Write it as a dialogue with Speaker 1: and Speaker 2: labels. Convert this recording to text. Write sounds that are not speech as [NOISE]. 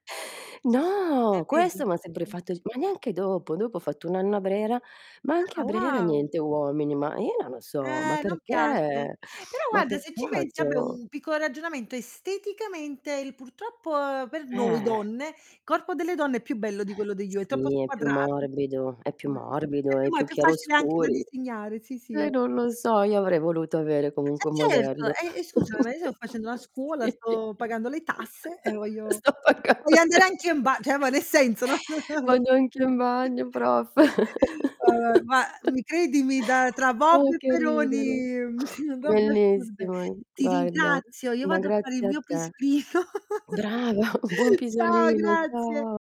Speaker 1: No,
Speaker 2: Eh vedi?
Speaker 1: questo mi ha sempre fatto g ma neanche dopo, dopo ho fatto un anno a Brera, ma anche
Speaker 2: Ah,
Speaker 1: a Brera
Speaker 2: wow.
Speaker 1: niente uomini, ma io non lo so, ma
Speaker 2: Eh, non piace.
Speaker 1: perché?
Speaker 2: Però
Speaker 1: Ma
Speaker 2: guarda, se ci pensi, vabbè
Speaker 1: peccato.
Speaker 2: un piccolo ragionamento, esteticamente il purtroppo, per noi
Speaker 1: Eh.
Speaker 2: donne, il corpo delle donne è più bello di quello
Speaker 1: [EXHALES]
Speaker 2: degli uo è troppo
Speaker 1: Sì, è più
Speaker 2: squadrato.
Speaker 1: morbido, è più
Speaker 2: [UNINTELLIGIBLE]
Speaker 1: morbido,
Speaker 2: E più
Speaker 1: è
Speaker 2: ma è
Speaker 1: più
Speaker 2: più facile anche da
Speaker 1: chiaroscuri.
Speaker 2: disegnare. Sì, sì, è
Speaker 1: Eh, non lo so, io avrei voluto avere
Speaker 2: Eh
Speaker 1: comunque un
Speaker 2: certo,
Speaker 1: modello.
Speaker 2: e e scusami, ma io sto facendo una
Speaker 1: [LAUGHS]
Speaker 2: scuola,
Speaker 1: sì.
Speaker 2: sto pagando le tasse e voglio
Speaker 1: Sto
Speaker 2: voglio
Speaker 1: pagando
Speaker 2: andare
Speaker 1: le
Speaker 2: anche in ba
Speaker 1: [LAUGHS]
Speaker 2: cioè ma nel senso, no, [CHUCKLES]
Speaker 1: Ma
Speaker 2: vogl
Speaker 1: neanche in bagno, prof. [LAUGHS]
Speaker 2: Vabbè, ma mi credimi da tra Vob
Speaker 1: Uh,
Speaker 2: e
Speaker 1: che ridere.
Speaker 2: Peroni, [CHUCKLES] robe assurde.
Speaker 1: Bellissimo,
Speaker 2: Ti
Speaker 1: guarda.
Speaker 2: ringrazio, io
Speaker 1: Ma
Speaker 2: vado a fare il
Speaker 1: grazie a
Speaker 2: mio
Speaker 1: te.
Speaker 2: pisolino. [CHUCKLES]
Speaker 1: Brava, [CHUCKLES] buon
Speaker 2: Ciao,
Speaker 1: pisolino,
Speaker 2: grazie.
Speaker 1: ciao.